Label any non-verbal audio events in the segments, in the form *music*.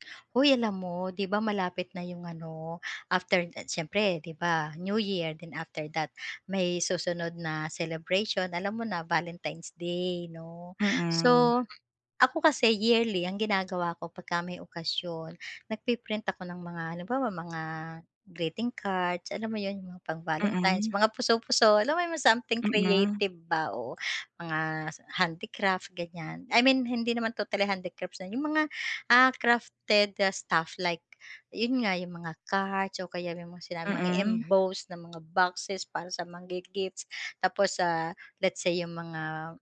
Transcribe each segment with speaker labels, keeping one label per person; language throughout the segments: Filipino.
Speaker 1: *smacks lips* Huy, alam mo? 'Di ba malapit na 'yong ano, after, ah, siyempre 'di ba New Year then after that may susunod na celebration alam mo na Valentine's Day 'no.
Speaker 2: Mm.
Speaker 1: So, ako kasi yearly ang ginagawa ko pagka may okasyon, nagpi-print ako ng mga halimbawa mga greeting cards alam mo 'yon, pang Valentine's
Speaker 2: Mm.
Speaker 1: mga puso-puso alam mo yung mga something
Speaker 2: Mm.
Speaker 1: creative ba oo, mga s handicrafts ganyan I mean hindi naman totally handicrafts, ah, 'yong mga, ah, crafted, ah, stuff like 'yon nga, 'yong mga cards o kaya yung mga sinabing mga
Speaker 2: Mm.
Speaker 1: embosed na mga boxes para sa mang-gifts, tapos sa let's say 'yong mga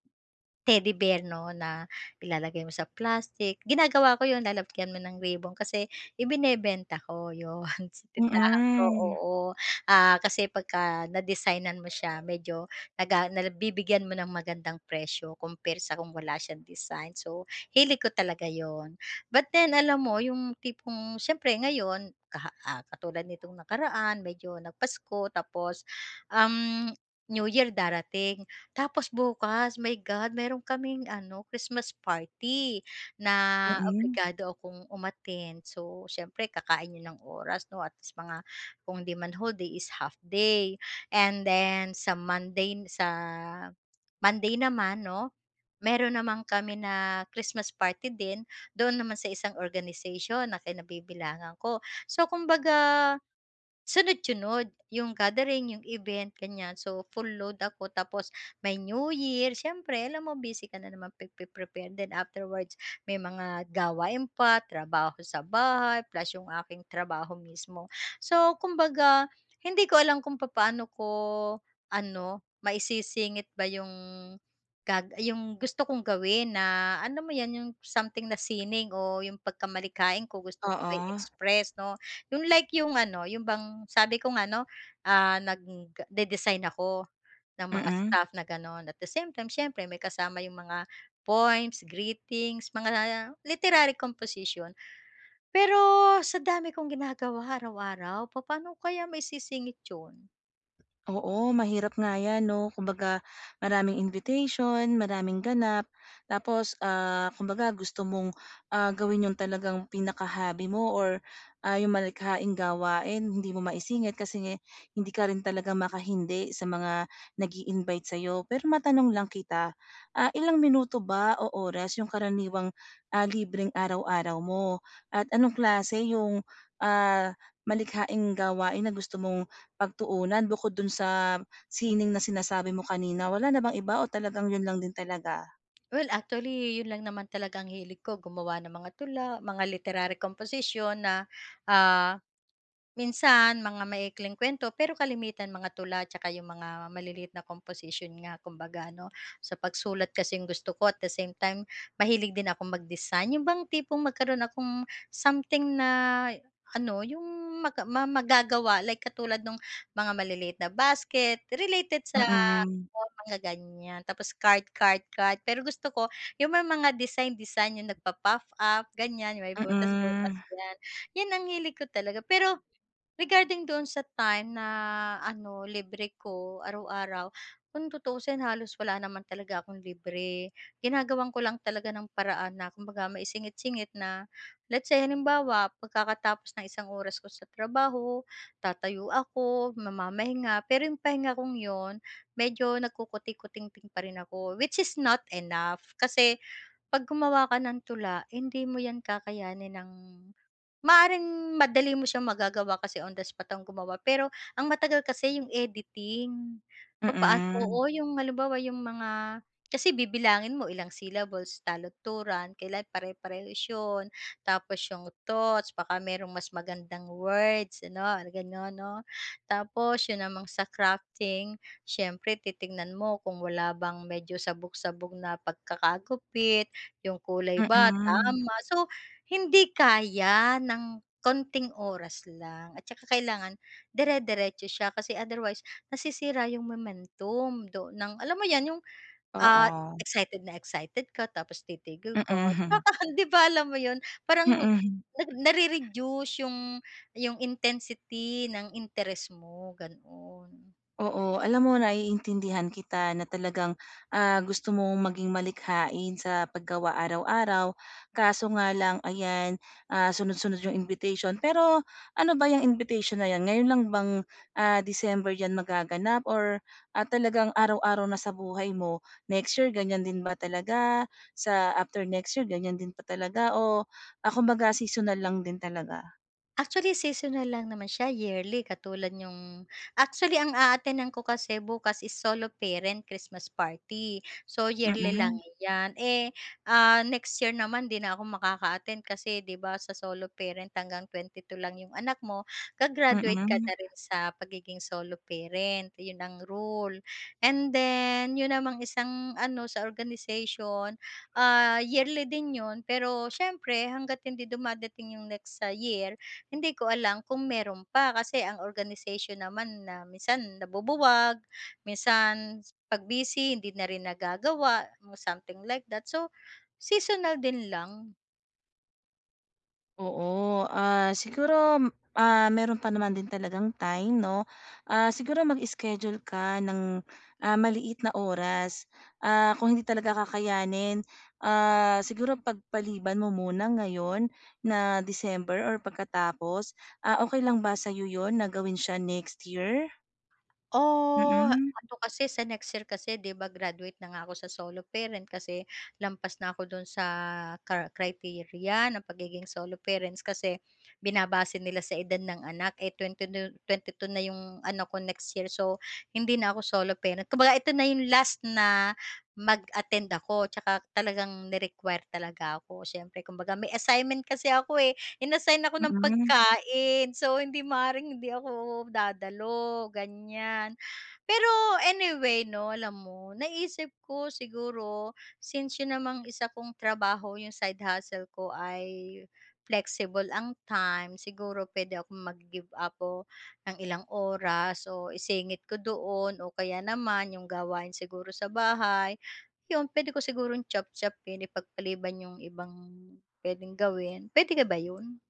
Speaker 1: Teddy Bear no na ilalagay mo sa plastic, ginagawa ko yun, lalagyan mo ng ribon kasi, ibinebenta ko, 'yon sa tindahan ko
Speaker 2: Mm.
Speaker 1: oo, ah, kasi pagka na-designan mo siya medyo naga nabibigyan mo ng magandang presyo compare sa kung wala siyang design, so hilig ko talaga 'yon, but then alam mo yung tipong siyempre ngayon kaha ah, katulad nitong nakaraan medyo nag-Pasko tapos, um, New Year darating, tapos bukas my God, meron kaming ano, Christmas party, na
Speaker 2: Mm.
Speaker 1: obligado akong umattend. So siyempre kakain yun ng oras no at least mga kung 'di man whole day is half day, and then sa Monday n sa Monday naman 'no, meron naman kami na Christmas party din, doon naman sa isang organization na kinabibilangan ko. So kumbaga, sunod-sunod yung gathering, yung event ganyan so full load ako tapos may New Year siyempre alam mo busy ka na naman pagpe-prepare din, afterwards may mga gawain pa, trabaho sa bahay, plus yung aking trabaho mismo. So kumbaga, hindi ko alam kung papaano ko ano, mai-sisingit ba 'yong gag 'yong gusto kong gawin na alam mo 'yan 'yong something na sining o 'yong pagka-malikhain ko gusto kong
Speaker 2: Oo.
Speaker 1: mai-express 'no, 'yong like 'yong ano, 'yong bang sabi ko nga no, ah, nag-dedesign ako ng mga
Speaker 2: Mm.
Speaker 1: stuff na gano'n at the same time siyempre may kasama 'yong mga poems, greetings, mga literary composition. Pero, sa dami kong ginagawa araw-araw, papaano ko kaya maisisingit 'yon?
Speaker 2: Oo, mahirap nga 'yan 'no kumbaga, maraming invitation, maraming ganap. Tapos, ah, kumbaga gusto mong, ah, gawin 'yung talagang pinaka-hobby mo or, ah, 'yung malikhaing gawain, hindi mo maisingit kasi hindi ka rin talaga makahindi sa mga nag-i-invite sa'yo. Pero matanong lang kita, ah, ilang minuto ba o oras 'yung karaniwang, ah, libreng araw-araw mo at anong klase 'yung, ah, malikhaing gawain na gusto mong pagtuunan bukod do'n sa sining na sinasabi mo kanina, wala na bang iba o talagang 'yun lang din talaga?
Speaker 1: Well, actually 'yon lang naman ang hilig ko, gumawa ng mga tula, mga literary composition na, ah, minsan mga maiikling kuwento pero kalimitan mga tula at saka 'yong mga maliliit na composition nga kumbaga ano. Sa pagsulat kasi 'yong gusto ko, at the same time mahilig din akong mag-design, 'yon bang tipong magkaroon akong something na ano 'yong maga ma magagawa like katulad nung mga maliliit na basket, related sa,
Speaker 2: Mm.
Speaker 1: oo, mga ganiyan. Tapos card card card, pero gusto ko 'yung may mga design design, 'yung nagpa-puff-up, ganiyan, may butas butas
Speaker 2: Mm.
Speaker 1: 'yan, 'yan ang hilig ko talaga. Pero, regarding doon sa time na ano, libre ko araw-araw, kung tutuusin, halos wala naman talaga akong libre, ginagawan ko lang talaga ng paraan na kumbaga maisingit singit na let's say halimbawa pagkakatapos ng isang oras ko sa trabaho, tatayo ako, mamamahinga, pero 'yung pahinga kong 'yun, medyo nagkukutikutingting pa rin ako, which is not enough, kasi pag gumawa ka ng tula hindi mo 'yan kakayanin ng maaaring madali mo siyang magagawa kasi on the spot akong gumawa, pero ang matagal kasi 'yong editing. Papaano
Speaker 2: Mm.
Speaker 1: oo, 'yong halimbawa 'yong mga kasi bibilangin mo ilang syllables, taludturan, kailangan pare-parehas 'yon. Tapos 'yong thoughts, baka merong mas magandang words ano, gano'n 'no? Tapos 'yun namang sa crafting, siyempre titingnan mo kung wala bang medyo sabog-sabog na pagkakagupit, 'yung kulay ba,
Speaker 2: Mm.
Speaker 1: tama, so hindi kaya ng konting oras lang at saka kailangan dire-diretso siya kasi otherwise nasisira 'yung momentum do ng alam mo 'yan, 'yung, ah,
Speaker 2: Oo.
Speaker 1: excited na excited ka tapos titigil ka,
Speaker 2: Mm. *chuckles*
Speaker 1: nakakahan 'di ba, alam mo 'yun, parang
Speaker 2: Mm.
Speaker 1: nag
Speaker 2: *chuckles*
Speaker 1: nare-reduce 'yung 'yung intensity ng interest mo, gano'n.
Speaker 2: Oo, alam mo naiintindihan kita na talagang ah, gusto mong maging malikhain sa paggawa araw-araw, kaso nga lang ayan, ah, sunod-sunod 'yong invitation. Pero ano ba 'yang invitation na 'yan ngayon lang bang, ah, December 'yan magaganap or at talagang araw-araw na sa buhay mo? Next year ganyan din ba talaga sa after next year ganyan din pa talaga o ah, kumbaga seasonal lang din talaga?
Speaker 1: Actually, seasonal lang naman siya yearly katulad niyong, actually ang aatenan ko kasi bukas is solo parent Christmas party, so yearly lang
Speaker 2: Mhm.
Speaker 1: 'yan. Eh, ah, next year naman 'di na ako makaka-attend kasi 'di ba sa solo parent hanggang 22 lang 'yong anak mo ga-graduate ka
Speaker 2: Mhm.
Speaker 1: na rin sa pagiging solo parent 'yon ang rule. And then 'yon namang isang ano sa organization, ah yearly din 'yon pero siyempre hangga't hindi dumadating 'yong next sa year hindi ko alam kung meron pa, kasi ang organization naman na minsan nabubuwag minsan pag busy hindi na rin nagagawa mga something like that, so seasonal din lang.
Speaker 2: Oo, ah, siguro, ah, meron pa naman din talagang time, 'no? Ah, siguro mag-schedule ka ng, ah, maliit na oras, ah, kung hindi talaga kakayanin Ah, siguro pagpaliban mo muna ngayon na December or pagkatapos, ah, okey lang ba sa'yo 'yon na gawin siya next year?
Speaker 1: Oh,
Speaker 2: Mm.
Speaker 1: ano kasi sa next year kasi 'di ba graduate na nga ako sa solo parent kasi lampas na ako do'n sa car criteria ng pagiging solo parents kasi binabase nila sa edad ng anak eh 22 na yung anak ko next year. So, hindi na ako solo parent kumbaga ito na yung last na mag-attend ako tsaka talagang ni-require talaga ako siyempre kumbaga may assignment kasi ako eh in-assign ako ng
Speaker 2: Mm.
Speaker 1: pagkain. So, hindi maaring hindi ako dadalo, ganiyan. Pero anyway 'no alam mo naisip ko siguro since yun namang isa kong trabaho yung side hustle ko ay flexible ang time. Siguro pwede akong mag-give up ng ilang oras o isingit ko doon o kaya naman yung gawain siguro sa bahay, yun, pwede ko sigurong chop-chopin, ipagpaliban yung ibang pwedeng gawin, pwede ka ba yun?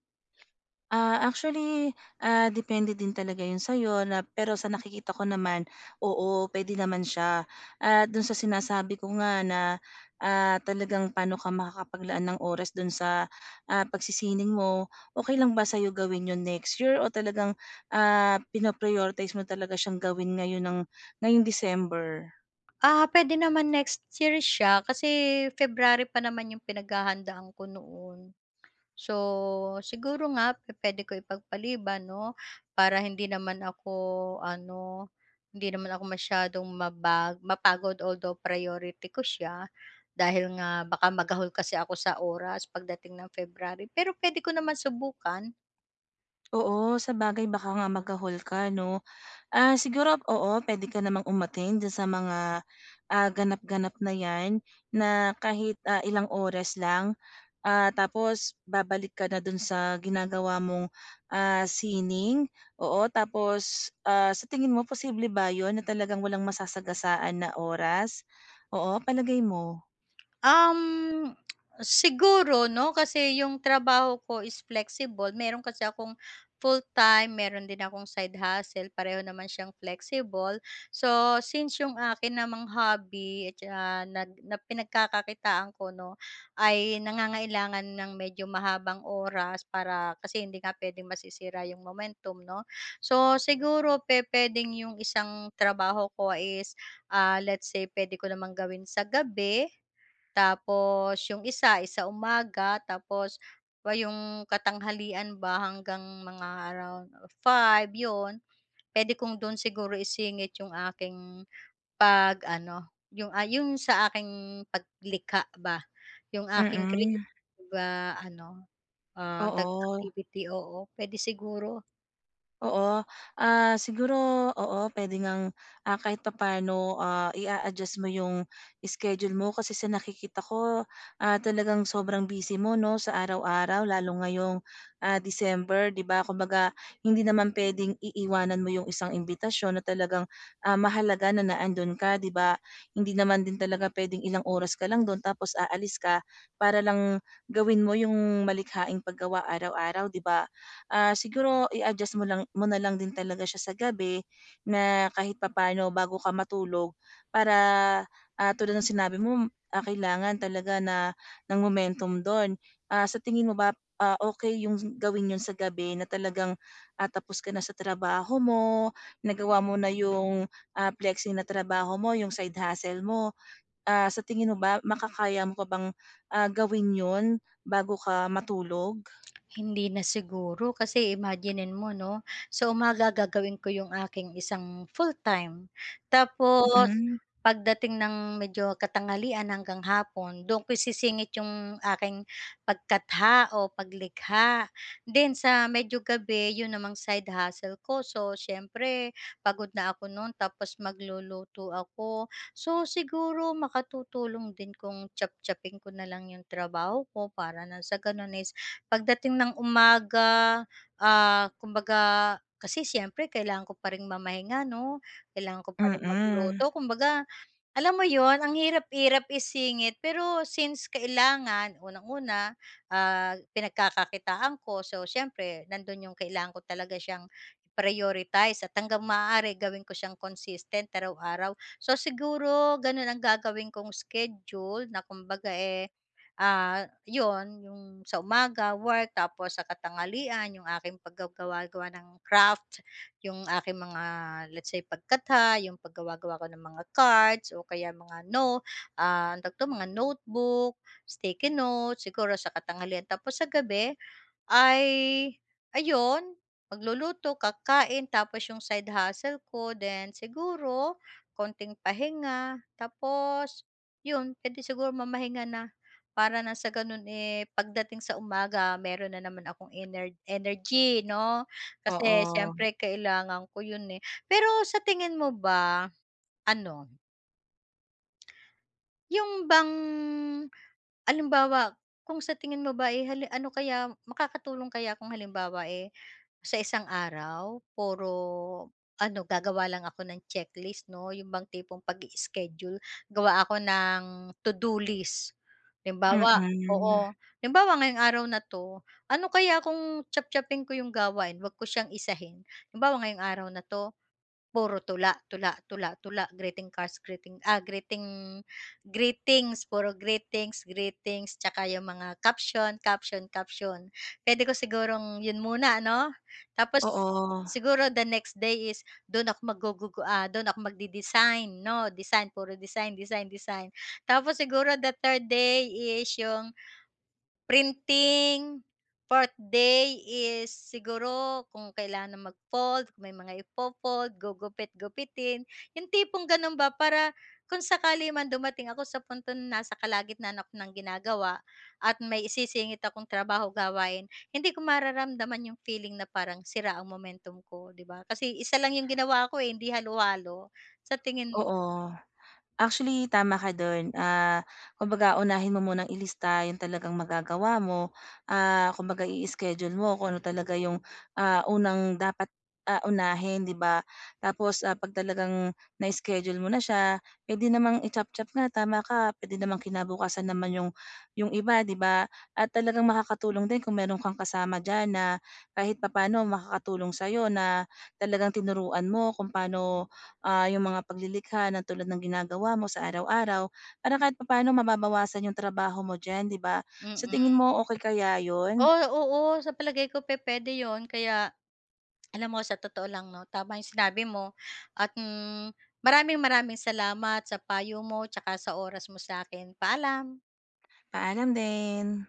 Speaker 2: Ah, actually, ah, depende din talaga 'yon sa'yo na pero sa nakikita ko naman, oo, puwede naman siya. Ah, do'n sa sinasabi ko nga na, ah, talagang paano ka makakapaglaan ng oras do'n sa, ah, pagsisining mo okey lang ba sa'yo gawin 'yon next year o talagang, ah, pina-prioritize mo talaga siyang gawin ngayon ng ngayong December?
Speaker 1: Ah, puwede naman next year siya kasi February pa naman yung pinaghahandaan ko noon. So, siguro nga pu-puwede ko ipagpaliban 'no, para hindi naman ako ano, hindi naman ako masyadong mabag mapagod although, priority ko siya dahil nga baka magahol kasi ako sa oras pagdating ng February, pero puwede ko naman subukan.
Speaker 2: Oo, sabagay baka nga magahol ka 'no. Ah, siguro, oo, puwede ka namang umatend doon sa mga, ah, ganap-ganap na 'yan na kahit, ah, ilang oras lang. Ah, tapos babalik ka na do'n sa ginagawa mong, ah, sining, oo tapos, ah, sa tingin mo posible ba 'yon na talagang walang masasagasaan na oras, oo palagay mo?
Speaker 1: Um, *tsk* siguro 'no kasi yung trabaho ko is flexible meron kasi akong full-time, meron din akong side hustle pareho naman siyang flexible. So, since 'yong akin namang hobby na nag pinagkakakitaan ko 'no, ay nangangailangan ng medyo mahabang oras para kasi hindi nga puwedeng masisira 'yong momentum, 'no. So, siguro pe pwedeng yung isang trabaho ko, ah, is let's say puwede ko namang gawin sa gabi, tapos yung isa sa umaga tapos yung katanghalian ba hanggang mga around 5 'yon. Puwede kong do'n siguro isingit yung aking pag-ano yung, ah, yung sa aking paglikha ba yung aking create
Speaker 2: Mm.
Speaker 1: ba ano, ah, tawag
Speaker 2: Oo.
Speaker 1: activity, oo puwede siguro.
Speaker 2: Oo. Ah, siguro, oo, puwede ngang, ah, kahit papa'no, ah, i-a-adjust mo yung schedule mo kasi sa nakikita ko, ah, talagang sobrang busy mo 'no, sa araw-araw lalo ngayong, ah, December, 'di ba kumbaga hindi naman puwedeng iiwanan mo yung isang imbitasyon na talagang, ah, mahalaga na na ando'n ka, 'di ba? Hindi naman din talaga puwedeng ilang oras ka lang do'n tapos aalis ka para lang gawin mo yung malikhaing paggawa araw-araw, 'di ba? Ah, siguro i-adjust mo lang mo na lang din talaga siya sa gabi na kahit papa'no bago ka matulog, para, ah, tulad ng sinabi mo, ah, kailangan talaga na ng momentum do'n. Ah, sa tingin mo ba, ah, okey yung gawin yun sa gabi na talagang, ah, tapos ka na sa trabaho mo, nagawa mo na yung, ah, flexi na trabaho mo, yung side hustle mo. Ah, sa tingin mo ba, makakaya mo pa bang, ah, gawin 'yon bago ka matulog?
Speaker 1: Hindi na siguro kasi i-maginine mo 'no, sa umaga gagawin ko yung aking isang full-time. Tapos
Speaker 2: Mm.
Speaker 1: pagdating ng medyo katanghalian hanggang hapon dun ko isisingit yung aking pagkatha o paglikha. Then, sa medyo gabi, yun namang side hustle ko. So, siyempre pagod na ako no'n tapos magluluto ako. So siguro makatutulong din kung chop-chopin ko na lang yung trabaho ko para ng sa gano'n is pagdating ng umaga, ah, kumbaga kasi siyempre kailangan ko pa rin mamahinga 'no. Kailangan ko pa ring
Speaker 2: Mm.
Speaker 1: magluto, kumbaga alam mo 'yon, ang hirap-hirap isingit pero since kailangan, unang-una, ah, pinagkakakitaan ko, so siyempre nandun yung kailangan ko talaga siyang i-prioritize at hanggang maaari gawin ko siyang consistent araw-araw. So siguro, ganun ang gagawin kong schedule na kumbaga, eh, ah, 'yon yung sa umaga work tapos sa katanghalian yung aking pagga-gawa-gawa ng craft, yung aking mga let's say pagkatha, yung paggawa-gawa ko ng mga cards, o kaya mga no ah, ang tawag 'to, mga notebook, sticky note, siguro sa katanghalian. Tapos sa gabi ay ayun, magluluto, kakakain, tapos yung side hustle ko, then siguro konting pahinga tapos yun, puwede sigurong mamahinga na para ng sa gano'n, eh, pagdating sa umaga, meron na naman akong ener energy 'no, kasi
Speaker 2: Oo.
Speaker 1: siyempre kailangan ko yun, eh. Pero sa tingin mo ba, ano Yung bang halimbawa kung sa tingin mo ba ay halim ano kaya makakatulong kaya kung halimbawa eh, sa isang araw, puro ano gagawa lang ako ng checklist 'no' bang tipong pag-ischedule gawa ako ng to-do list. Halimbawa
Speaker 2: Hmm.
Speaker 1: oo halimbawa oo, halimbawa ngayong araw na 'to, ano kaya kung chop-chopin ko 'yong gawain huwag ko siyang isahin, halimbawa ngayong araw na 'to. Puro tula, tula, tula, tula greeting cards, ah, greeting greeting, greetings puro greetings, greeting saka 'yong mga caption, caption, caption puwede ko sigurong 'yon muna ano? Tapos
Speaker 2: Oo.
Speaker 1: siguro the next day is do'n ako mag-gugug ah, do'n ako mag-de-design 'no? Design puro design design ,design, tapos siguro the third day is 'yong, printing, 4th day is siguro kung kailangan mag-fold, kung may mga i-fold gugupit-gupitin yung tipong ganun ba para kung sakali man dumating ako sa puntong ng nasa kalagitnaan ako ng ginagawa at may isisingit akong trabaho gawain, hindi ko mararamdaman yung feeling na parang sira ang momentum ko di ba kasi isa lang yung ginawa ko eh, hindi halo-halo sa tingin mo?
Speaker 2: Oo. Actually tama ka do'n ah, kumbaga unahin mo munang i-lista yung talagang magagawa mo, ah, kumbaga i-schedule mo kung ano talaga 'yong ah, unang dapat ah, unahin 'di ba tapos ah, pag talagang na-schedule mo na siya, edi, puwede namang i chop-chop nga tama ka puwede namang kinabukasan naman yung yung iba di ba at talagang makakatulong din kung meron kang kasama diyan na kahit papaano makakatulong sayo na talagang tinuruan mo kung paano ah, yung mga pag-lilikha ng tulad ng ginagawa mo sa araw-araw para kahit pa-paano mababawasan yung trabaho mo diyan 'di ba?
Speaker 1: Mm.
Speaker 2: Sa tingin mo okey kaya yun?
Speaker 1: Oh, oo, sa palagay ko pe-pwede 'yon kaya, *swallows* alam mo sa totoo lang no, tama yung sinabi mo at maraming-maraming salamat sa payo mo tsaka sa oras mo sa'kin, paalam.
Speaker 2: Paalam din.